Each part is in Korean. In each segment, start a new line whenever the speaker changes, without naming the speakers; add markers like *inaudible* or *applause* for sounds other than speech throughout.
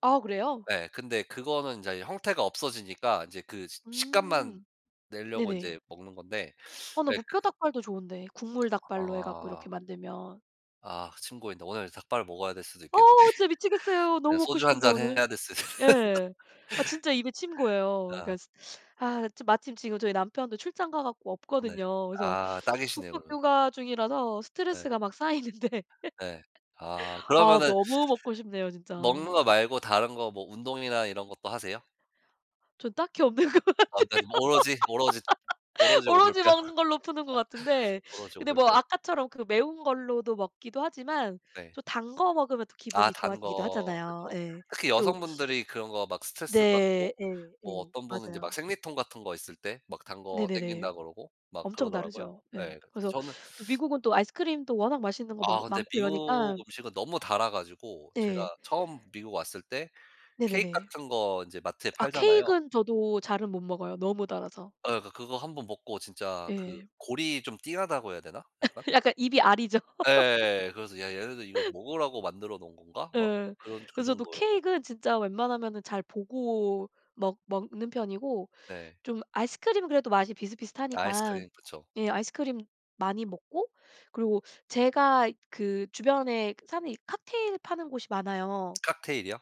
아 그래요?
예. 근데 그거는 인제 형태가 없어지니까 인제 그 식 식감만
음
낼려고
네네.
인제 먹는 건데
아
*sucks teeth*
나
예
무뼈
그
닭발도 좋은데 국물 닭발로 해 갖고
아.
이렇게 만들면
아 침 고이는데 오늘 닭발을 먹어야 될 수도
어
있겠는데?
진짜
*laughs*
미치겠어요.
네
너무 먹고
소주 1
싶은데,
잔
오늘.
해야겠어요.
예. 아
*laughs*
진짜 입에 침 고여요. 그러니까
아.
아 차 마침 지금 저희 남편도 출장 가 갖고
네.
없거든요. 그래서
아 딱이시네요,
독박
그러면.
육아 중이라서
예.
스트레스가 막 쌓이는데
예. 아
*laughs* 아
그러면은 *sucks teeth*
너무 먹고 싶네요,
먹는
진짜.
거 말고 다른 거 뭐 운동이나 이런 것도 하세요?
저는 딱히 없는 것 같아요.
아 그러니까 그럼 오로지 오로지
*laughs*
오로지 오돌뼈.
오로지 먹는 걸로 푸는 것
*laughs*
같은데
오로지
근데
오돌뼈.
뭐 아까처럼 그 매운 걸로도 먹기도 하지만
네.
또 단 거 먹으면 또
아
기분이
단
좋아지기도
거,
하잖아요.
그쵸.
예.
특히
또
여성분들이 그런 거 막
네.
스트레스받고
예
뭐
예
어떤 분은 이제
맞아요.
막 생리통 같은 거 있을 때 막 단 거
네네네.
당긴다 그러고 막
엄청
그러더라고요.
다르죠. 예.
예
그래서
저는
또
*sucks teeth*
미국은 또 아이스크림도 워낙 맛있는 거
아
많
근데
많고
미국
이러니까
음식은 너무 달아 가지고
네.
제가 처음 미국 왔을 때 케이크
네네네.
같은 거 인제 마트에
아
팔잖아요.
케익은 저도 잘은 못 먹어요, 너무 달아서.
예 아 그 그거 1 번 먹고 진짜 그
예.
골이 좀 띵하다고 해야 되나? 약간?
*laughs* 약간 입이 아리죠. *laughs*
예예예예. 그래서 '야 얘네들 이거 먹으라고 만들어 놓은 건가?' 막
예.
그런 그
그래서 저도
정도여 가
케익은 진짜 웬만하면은 잘 보고 먹 먹는 편이고
네.
좀 아이스크림은 그래도 맛이 비슷비슷하니까
아이스크림, 그쵸.
예 아이스크림 많이 먹고 그리고 제가 그 주변에 사는 이 칵테일 파는 곳이 많아요.
칵테일이요?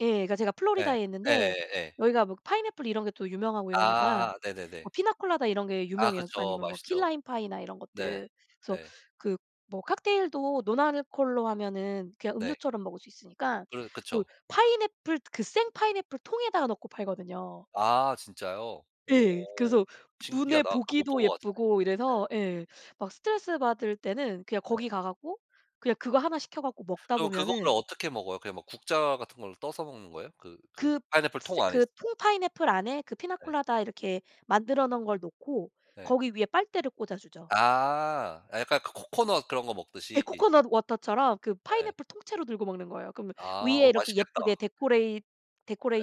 예. 그러니까 제가
예.
플로리다에 있는데
예예예 예.
여기가 뭐 파인애플 이런 게 또 유명하고 이러니까
아아아 네네네.
뭐 피나콜라다 이런 게
아
유명해요.
그쵸.
아니면 뭐 키
맛있죠.
라임 파이나 이런
네.
것들. 그래서
예.
그 뭐 칵테일도 논 알코올로 하면은 그냥
네.
음료처럼 먹을 수 있으니까
그러
뭐
그쵸.
파인애플 그 생 파인애플 통에다 넣고 팔거든요.
아 진짜요?
예.
오.
그래서 눈에
신기하다. 그거 못
보기도
본 것 같은데
예쁘고 이래서
네.
예 막 스트레스받을 때는 그냥
예.
거기 가 갖고 그냥 그거 하나 시켜 갖고 먹다
그럼 그거를
보면은
어떻게 먹어요? 그냥 뭐 국자 같은 걸로 떠서 먹는 거예요? 그 그
그
파인애플 통
스
안에
그
있잖
통 파인애플 안에 그
예.
피나콜라다 이렇게 만들어 놓은 걸 놓고
네.
거기 위에 빨대를 꽂아 주죠.
아. 약간 그 코코넛 그런 거
예
먹듯이.
코코넛 워터처럼 그
네.
파인애플 통째로 들고 먹는 거예요. 그러면
아.
위에
어
이렇게 예쁘게
맛있겠다.
데코레잇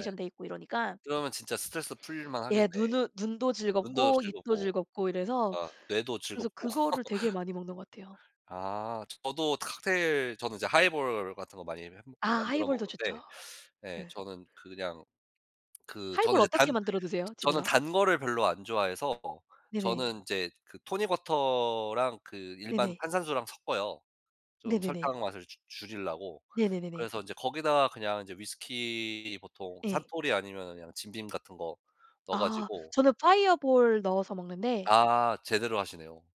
예.
돼 있고 이러니까
그러면 진짜 스트레스 풀릴
예.
만하겠네.
눈은 눈도
눈도
즐겁고 입도
즐겁고.
즐겁고 이래서
아 뇌도
그래서
즐겁고.
그거를 되게
*laughs*
많이 먹는 것 같아요.
아. 저도 칵테일 저는 인제 하이볼 같은 거 많이 해 먹
아
만들어
하이볼도
먹는데
좋죠.
*sucks teeth* 예
예.
저는 그냥 그 저는
하이볼
인제
어떻게
단
만들어 드세요,
저는
집에서?
단 거를 별로 안 좋아해서
네네.
저는 인제 그 토닉 워터랑 그 일반
네네.
탄산수랑 섞어요, 좀
네네네.
설탕 맛을 줄 줄이려고.
네네네네.
그래서 인제 거기다가 그냥 이제 위스키 보통
예.
산토리 아니면은 그냥 짐 빔 같은 거 넣어
아
가지고
저는 파이어볼 넣어서 먹는데
아 제대로 하시네요.